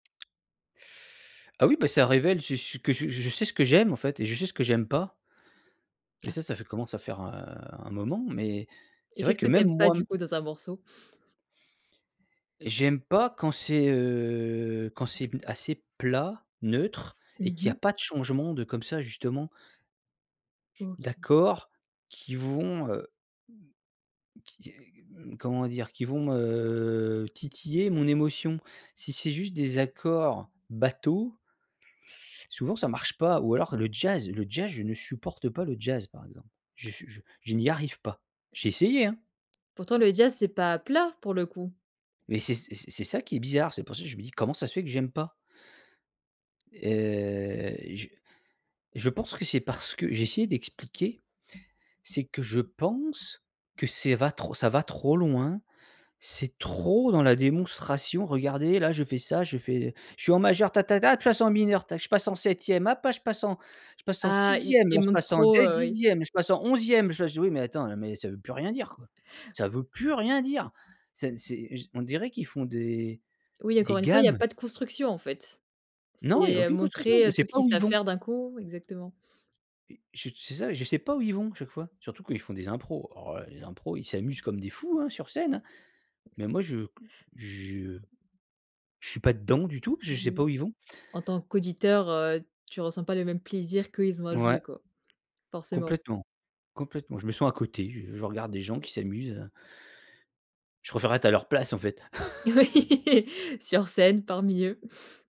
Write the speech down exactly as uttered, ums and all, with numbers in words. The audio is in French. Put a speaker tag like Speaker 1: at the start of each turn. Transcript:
Speaker 1: Ah oui. Bah, ça révèle c'est ce que je je sais ce que j'aime, en fait, et je sais ce que j'aime pas. Mais
Speaker 2: Ah.
Speaker 1: ça ça fait commence à faire, heu, un moment, mais
Speaker 2: Et
Speaker 1: c'est vrai
Speaker 2: qu'est-ce
Speaker 1: que
Speaker 2: que tu
Speaker 1: même
Speaker 2: aimes pas
Speaker 1: moi
Speaker 2: du coup dans un morceau?
Speaker 1: j'aime pas quand c'est, heu, quand c'est assez plat, neutre et
Speaker 2: Mmh
Speaker 1: qu'il y
Speaker 2: mh.
Speaker 1: pas de changement de comme ça, justement
Speaker 2: OK.
Speaker 1: d'accords qui vont, heu qui qui, mmh, comment dire? Qui vont, heu, titiller mon émotion. Si c'est juste des accords bateau souvent, ça marche pas. Ou alors le jazz. Le jazz, je ne supporte pas le jazz, par exemple. Je suis je je n'y arrive pas. J'ai essayé, hein.
Speaker 2: Pourtant le jazz, c'est pas, plat pour le coup.
Speaker 1: Mais c'est c'est et c'est ça qui est bizarre. C'est pour ça je me dis: «Comment ça se fait que j'aime pas»? Heu. Je, je pense que c'est parce que j'ai essayé d'expliquer. C'est que je pense que c'est va ça va trop loin. C'est trop dans la démonstration: «Regardez, là je fais ça, je fais, je suis en majeur, ta, ta, ta, de toute façon mineur, ta, je passe en septième, hop je passe en, je passe en
Speaker 2: Ah. Ils
Speaker 1: sixième là,
Speaker 2: ils
Speaker 1: je
Speaker 2: montent
Speaker 1: passe en
Speaker 2: trop,
Speaker 1: deux
Speaker 2: heu, oui
Speaker 1: dixième, je passe en onzième. Je me». Oui mais attends, mais ça ne veux plus rien dire, quoi. Ça veut plus rien dire. C'est, c'est je On dirait qu'ils font des
Speaker 2: Oui,
Speaker 1: des
Speaker 2: encore une fois il y a
Speaker 1: gammes.
Speaker 2: pas de construction, en fait.
Speaker 1: Non, il y a
Speaker 2: C'est, heu,
Speaker 1: aucune construction. On
Speaker 2: montrer
Speaker 1: sait
Speaker 2: tout ce
Speaker 1: pas
Speaker 2: qu'ils
Speaker 1: où ils
Speaker 2: savent
Speaker 1: vont.
Speaker 2: faire d'un coup. Exactement.
Speaker 1: Et je c'est ça. Et je sais pas où ils vont à chaque fois, surtout quand ils font des impros. Alors là, les impros! Ils s'amusent comme des fous, hein, sur scène. Mais moi, je je je suis pas dedans du tout parce que je sais
Speaker 2: Mmh mh.
Speaker 1: pas où ils vont.
Speaker 2: En tant qu'auditeur, heu, tu ressens pas le même plaisir qu'eux ils ont à jouer,
Speaker 1: Ouais.
Speaker 2: quoi. Forcément.
Speaker 1: Complètement, complètement. Je me sens à côté. Je je regarde des gens qui s'amusent, heu je préfèrerais être à leur place, en fait.
Speaker 2: Oui. Sur scène, parmi eux.